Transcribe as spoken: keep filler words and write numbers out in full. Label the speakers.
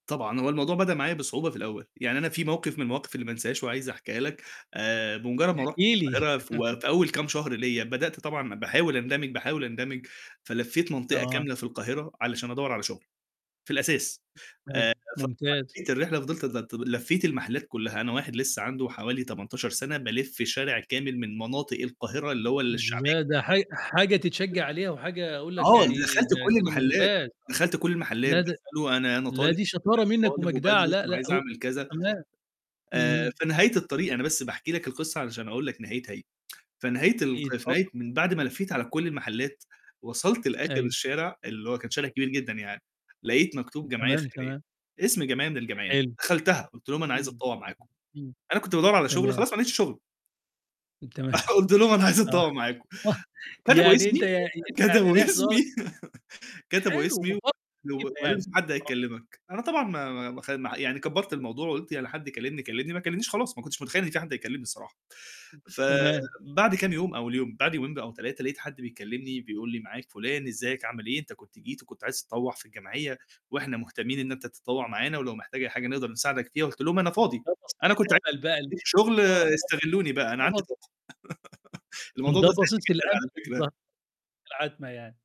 Speaker 1: طبعًا، هو الموضوع بدأ معايا بصعوبة في الأول يعني أنا في موقف من المواقف اللي ما أنسهاش وعايز أحكيها لك آآ، بمجرد ما
Speaker 2: احكِ
Speaker 1: رُحت
Speaker 2: لي.
Speaker 1: القاهرة في أول كام شهر ليّا بدأت طبعًا باحاول أندمِج باحاول أندمِج فلفيت منطقة
Speaker 2: آه.
Speaker 1: كاملة في القاهرة، علشان أدوّر على شغل، في الأساس
Speaker 2: ماشي
Speaker 1: آآ، [unintelligible]
Speaker 2: ممتاز.
Speaker 1: الرحلة فضلت لفيت المحلات كلّها أنا واحد لسه عنده حوالي تمنتاشر سنة، بالِف شارع كامل من مناطق القاهرة اللي هو الشعبية
Speaker 2: لأ
Speaker 1: جدًا.
Speaker 2: ده حاج حاجة تتشجّع عليها وحاجة أقول لك
Speaker 1: آه،
Speaker 2: يعني
Speaker 1: دخلت
Speaker 2: ده
Speaker 1: كُلّ
Speaker 2: كده
Speaker 1: المحلات
Speaker 2: ممتاز،
Speaker 1: دخلت كُلّ المحلات
Speaker 2: لا ده
Speaker 1: باسأله أنا أنا
Speaker 2: لا
Speaker 1: طالب
Speaker 2: دي
Speaker 1: أنا
Speaker 2: شطارة منك
Speaker 1: طالب
Speaker 2: ومجدعة
Speaker 1: وبادرس
Speaker 2: لأ، لأ
Speaker 1: وعايز
Speaker 2: هو
Speaker 1: أعمل كذا
Speaker 2: تمام،
Speaker 1: آآ،
Speaker 2: اهم.
Speaker 1: في نهاية الطريق أنا بس باحكي لك القصّة علشان أقول لك نهايتها، في نهاية ال
Speaker 2: إيه؟
Speaker 1: في نهاية
Speaker 2: اتفضل.
Speaker 1: من بعد ما لفّيت على كُلّ المحلات، وصلت لآخر
Speaker 2: أيوه.
Speaker 1: الشارع، اللي هو كان شارع كبير جدًا يعني، لقيت مكتوب جمعية
Speaker 2: تمام،
Speaker 1: خيرية،
Speaker 2: تمام.
Speaker 1: اسم جمعية من الجمعيات،
Speaker 2: حلو،
Speaker 1: دخلتها، قلت لهم أنا عايز
Speaker 2: إمم،
Speaker 1: أتطوّع معاكم،
Speaker 2: إمم.
Speaker 1: أنا كنت بادوّر على شغل
Speaker 2: تمام.
Speaker 1: خلاص ما لقيتش شغل.
Speaker 2: تمام
Speaker 1: قلت لهم أنا عايز
Speaker 2: آه،
Speaker 1: أتطوّع معاكم كتبوا
Speaker 2: يعني أنت
Speaker 1: اسمي
Speaker 2: ي يعني
Speaker 1: كتبوا
Speaker 2: رايح تدوّر
Speaker 1: اسمي كتبوا اسمي،
Speaker 2: حلو، [unintelligible]
Speaker 1: وقالوا لي
Speaker 2: يعني،
Speaker 1: في حد
Speaker 2: آه.
Speaker 1: هيكلمك أنا طبعًا ما ما ما يعني كبّرت الموضوع، وقُلت يعني حد كلمني كلمني ما كلمنيش خلاص، ما كنتش متخيّل إن في حد يكلمني الصراحة ف
Speaker 2: تمام.
Speaker 1: بعد كام يوم أول يوم بعد يومين أو تلاتة لقيت حد بيكلمني بيقول لي: "معاك فلان إزيك عامل إيه؟ أنت كنت جيت وكنت عايز تطوّع في الجمعية، وإحنا مهتمين إن أنت تتطوّع معانا ولو محتاج أي حاجة نقدر نساعدك فيها." قُلت لهم أنا فاضي
Speaker 2: خلاص
Speaker 1: أنا كنت عايز
Speaker 2: اتقبل بقى [unintelligible]
Speaker 1: شغل
Speaker 2: آه
Speaker 1: استغلوني بقى أنا عندي
Speaker 2: [unintelligible]
Speaker 1: طاقة الموضوع
Speaker 2: ده
Speaker 1: ده ساعدني
Speaker 2: بصيص
Speaker 1: جدًا
Speaker 2: الأمل
Speaker 1: على
Speaker 2: اللي ظهر
Speaker 1: فكرة.
Speaker 2: لك في العتمة يعني.